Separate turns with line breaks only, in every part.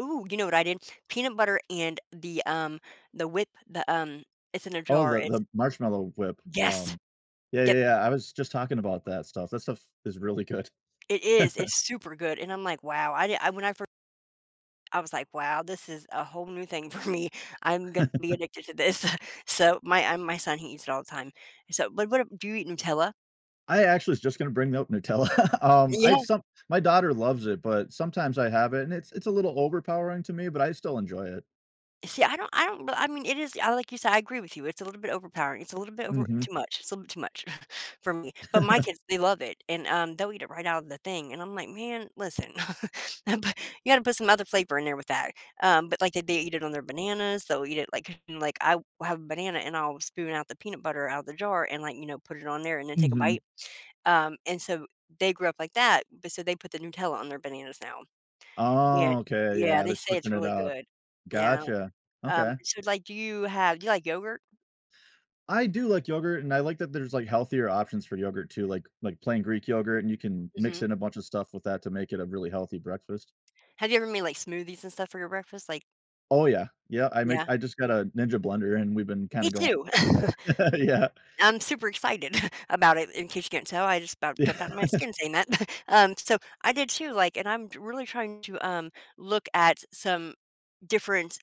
Ooh, you know what I did? Peanut butter and the, um, the whip, the, um it's in a
Oh,
jar.
the
It's
the marshmallow whip,
Yes.
um, yeah,
Yep.
yeah, yeah, I was just talking about that stuff that stuff is really good.
It is. It's super good. And I'm like, "Wow," I did I when I fir I was like, "Wow, this is a whole new thing for me, I'm gonna be addicted to this." So, my I my son, he eats it all the time. So, but what ab do you eat Nutella?
I actually was just gonna bring up Nutella. Um,
Yeah.
I some my daughter loves it, but sometimes I have it, and it's it's a little overpowering to me, but I still enjoy it.
See, I don't I don't but, I mean, it is, uh, like you said, I agree with you. It's a little bit overpowering. It's a little bit over,
Mhm.
too much, it's a little bit too much for me. But my kids, they love it and, um, they'll eat it right out of the thing. And I'm like, "Man, listen, p you gotta put some other flavor in there with that. Um, but like they they eat it on their bananas, they'll eat it like like, I will have a banana and I'll spoon out the peanut butter out of the jar and, like, you know, put it on there and then take a
Mhm.
bite. Um, and so, they grew up like that, but so they put the Nutella on their bananas now. Yeah,
Okay,
yeah,
yeah,
they
they're
say it's
switching it
really
out.
good. Yeah.
Gotcha,
Um,
okay.
so like, do you have do you like yogurt?
I do like yogurt, and I like that there's, like, healthier options for yogurt too, like like plain Greek yogurt, and you can mix
Mhm.
in a bunch of stuff with that to make it a really healthy breakfast.
Have you ever made, like, smoothies and stuff for your breakfast, like
Oh yeah, yeah, I make
Yeah.
I just got a ninja blender and we've been
Me
kinda goin
too.
[unintelligible] Yeah.
I'm super excited about it. In case you can't tell, I just about jumped out
Yeah.
of my skin saying that. Um, so I did too, like, and I'm j really trying to, um, look at some different,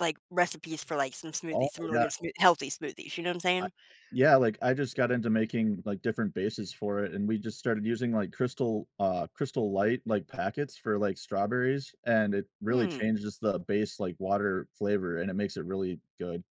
like, recipes for, like, some
Oh,
smoothies, some really
yeah.
good smooth healthy smoothies, you know what I'm
I
saying?
yeah, like, I just got into making, like, different bases for it, and we just started using, like, crystal, uh, Crystal Light, like packets for, like, strawberries, and it really
Mm.
changes the base, like, water flavor, and it makes it really good.